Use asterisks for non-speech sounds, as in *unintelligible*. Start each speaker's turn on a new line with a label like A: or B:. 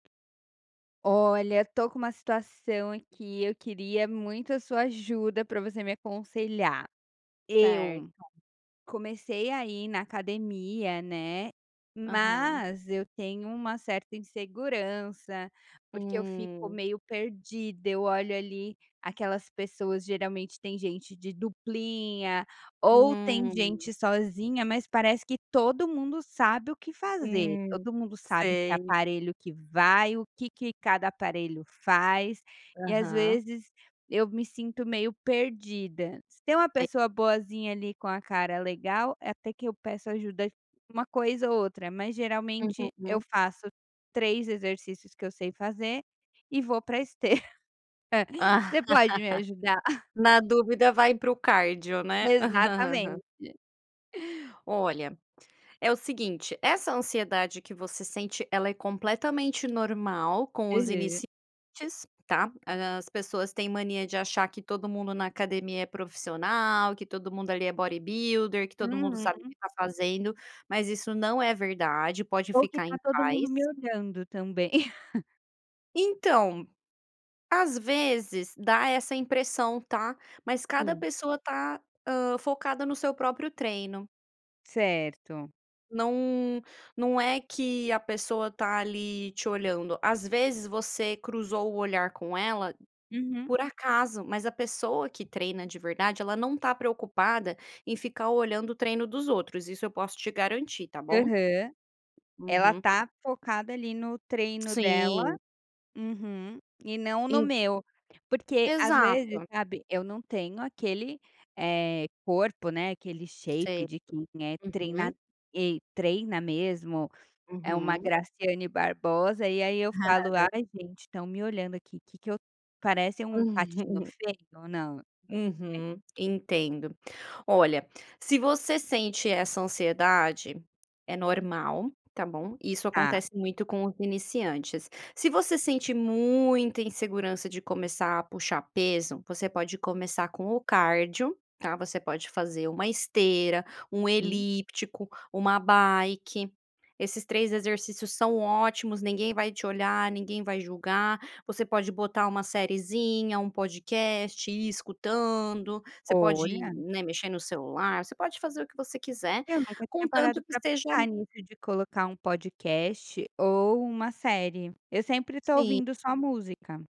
A: Olha, estou com uma situação aqui, eu queria muito a sua ajuda para você me aconselhar. Eu
B: Certo.
A: comecei a ir na academia, né,
B: Aham.
A: mas eu tenho uma certa insegurança, porque eu fico
B: Hum.
A: meio perdida, eu olho ali, aquelas pessoas geralmente tem gente de duplinha, ou tem
B: Hum.
A: gente sozinha, mas parece que todo mundo sabe o que fazer,
B: Hum,
A: todo mundo sabe que
B: sei.
A: aparelho que vai, o que que cada aparelho faz, e às
B: Aham.
A: vezes eu me sinto meio perdida. Se tem uma
B: Sei.
A: pessoa boazinha ali, com a cara legal, eh, até que eu peço ajuda de um coisa ou outra, mas geralmente eu
B: Uhum.
A: faço 3 exercícios que eu sei fazer, e vou para esteira. *chuckles* Você pode me ajudar?
B: *laughs*
A: *chuckles*
B: Na dúvida vai para o cardio, né. *laughs*
A: Exatamente.
B: Olha, é o seguinte, essa ansiedade que você sente, ela é completamente normal com os
A: Aham.
B: iniciantes, tá. As pessoas têm mania de achar que todo mundo na academia é profissional, que todo mundo ali é bodybuilder, que todo mundo sabe o que
A: Uhum.
B: está fazendo, mas isso não é verdade, pode
A: Ou que
B: ficar
A: está
B: em
A: todo mundo
B: paz.
A: me olhando, também. *chuckles*
B: Então, às vezes dá essa impressão, tá, mas cada
A: Sim.
B: pessoa está, hã, focada no seu próprio treino.
A: Certo.
B: Não não é que a pessoa tá ali te olhando, às vezes você cruzou o olhar com ela
A: Uhum.
B: por acaso, mas a pessoa que treina de verdade, ela não está preocupada em ficar olhando o treino dos outros, isso eu posso te garantir, tá bom.
A: Aham. Ela
B: Uhum.
A: está focada ali, no treino dela.
B: Sim.
A: Uhum. E não no
B: En
A: meu, porque às vezes,
B: Exato.
A: sabe, eu não tenho aquele, eh, corpo, né, aquele
B: Sei.
A: shape de quem é treina
B: Uhum.
A: ei treina mesmo, é uma
B: Uhum.
A: Graciane Barbosa, e aí eu falo: "Ai
B: *chuckles*
A: gente, estão me olhando aqui, que que eu parece um patinho
B: *chuckles*
A: feio, ou não". *unintelligible*
B: Uhum, entendo. Olha, se você sente essa ansiedade, é normal, tá bom, isso
A: Tá.
B: acontece muito com os iniciantes. Se você sente muita insegurança de começar a puxar peso, você pode começar com o cardio, tá, você pode fazer uma esteira, um
A: Sim.
B: elíptico, uma bike. Esses 3 exercícios são ótimos, ninguém vai te olhar, ninguém vai julgar. Você pode botar uma seriezinha, um podcast, ir escutando. Você pode,
A: Olha.
B: né, mexer no celular, você pode fazer o que você quiser,
A: Eu nunca tinha parado
B: contanto que
A: para
B: seja
A: pensar nisso, de colocar um podcast ou uma série. Eu sempre estou
B: Sim.
A: ouvindo só música.